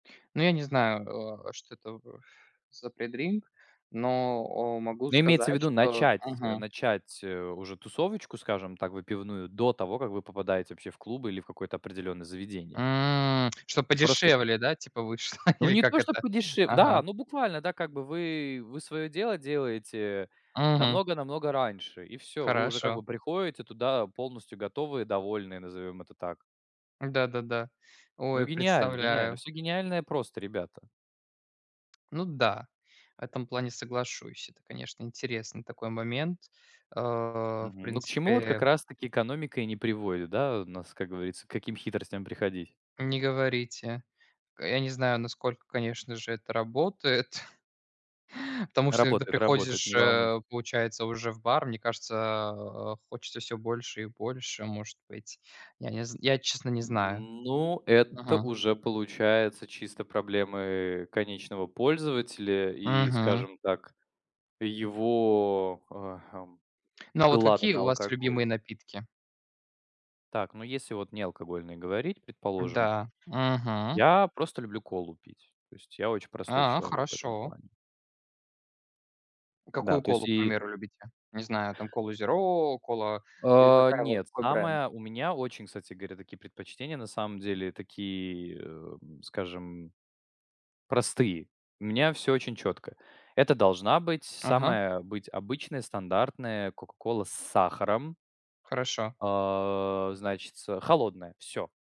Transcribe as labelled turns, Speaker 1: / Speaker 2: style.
Speaker 1: Ну я не знаю, э, о что-то, э, ф за предринк, но, о, могу
Speaker 2: Ну, имеется в
Speaker 1: сказать,
Speaker 2: виду,
Speaker 1: что
Speaker 2: начать, э,
Speaker 1: Мгм.
Speaker 2: начать, э, уже тусовочку, скажем так, выпивную, до того, как вы попадаете вообще в клубы или в какое-то определенное заведение.
Speaker 1: М, чтоб
Speaker 2: Просто
Speaker 1: подешевле, да, типа вышло?
Speaker 2: Ну,
Speaker 1: Или
Speaker 2: не
Speaker 1: как
Speaker 2: то, что
Speaker 1: это?
Speaker 2: подешев Да,
Speaker 1: Ага.
Speaker 2: ну буквально, да. Как бы вы, вы своё дело делаете
Speaker 1: Мгм.
Speaker 2: намного-намного раньше. И всё. Вы уже как
Speaker 1: Хорошо.
Speaker 2: бы приходите туда полностью готовые, довольные, назовём это так.
Speaker 1: Да-да-да.
Speaker 2: Ну,
Speaker 1: Ой,
Speaker 2: гениально, гениально.
Speaker 1: представляю.
Speaker 2: Всё гениальное просто, ребята.
Speaker 1: Ну да. В этом плане соглашусь. Это, конечно, интересный такой момент. Э, в
Speaker 2: Мгм. Ну, к чему, вот как
Speaker 1: принципе
Speaker 2: раз таки экономика и не приводит, да. У нас, как говорится, к каким хитростям приходить?
Speaker 1: Не говорите. Э, я не знаю, насколько, конечно же, это работает потому что, когда
Speaker 2: Работает, работает,
Speaker 1: приходишь,
Speaker 2: не волнуйте
Speaker 1: э, получается, уже в бар, мне кажется, а, хочется всё больше и больше, может быть, я не з Я, честно, не знаю.
Speaker 2: Ну, это
Speaker 1: Мгм.
Speaker 2: уже получается чисто проблемы конечного пользователя и,
Speaker 1: Мгм.
Speaker 2: скажем так, его, э, хм,
Speaker 1: Ну а вот
Speaker 2: глады
Speaker 1: какие
Speaker 2: на
Speaker 1: у вас
Speaker 2: алкоголь.
Speaker 1: любимые напитки?
Speaker 2: Так, ну, если вот не алкогольные говорить, предположим.
Speaker 1: Да. Мгм.
Speaker 2: Я просто люблю колу пить. То есть я очень простой
Speaker 1: А,
Speaker 2: человек в этом
Speaker 1: хорошо.
Speaker 2: плане. Да,
Speaker 1: Какую
Speaker 2: то
Speaker 1: колу,
Speaker 2: есть
Speaker 1: к
Speaker 2: и
Speaker 1: примеру, любите? Не знаю, там, колу зеро, кола или
Speaker 2: А,
Speaker 1: какая во
Speaker 2: нет,
Speaker 1: какой бренд?
Speaker 2: самое У меня очень, кстати говоря, такие предпочтения на самом деле, такие, эм, скажем, простые. У меня всё очень четко. Это должна быть
Speaker 1: Ага.
Speaker 2: самая обыд обычная, стандартная кока-кола с сахаром.
Speaker 1: Хорошо.
Speaker 2: А, значится, холодная. Всё.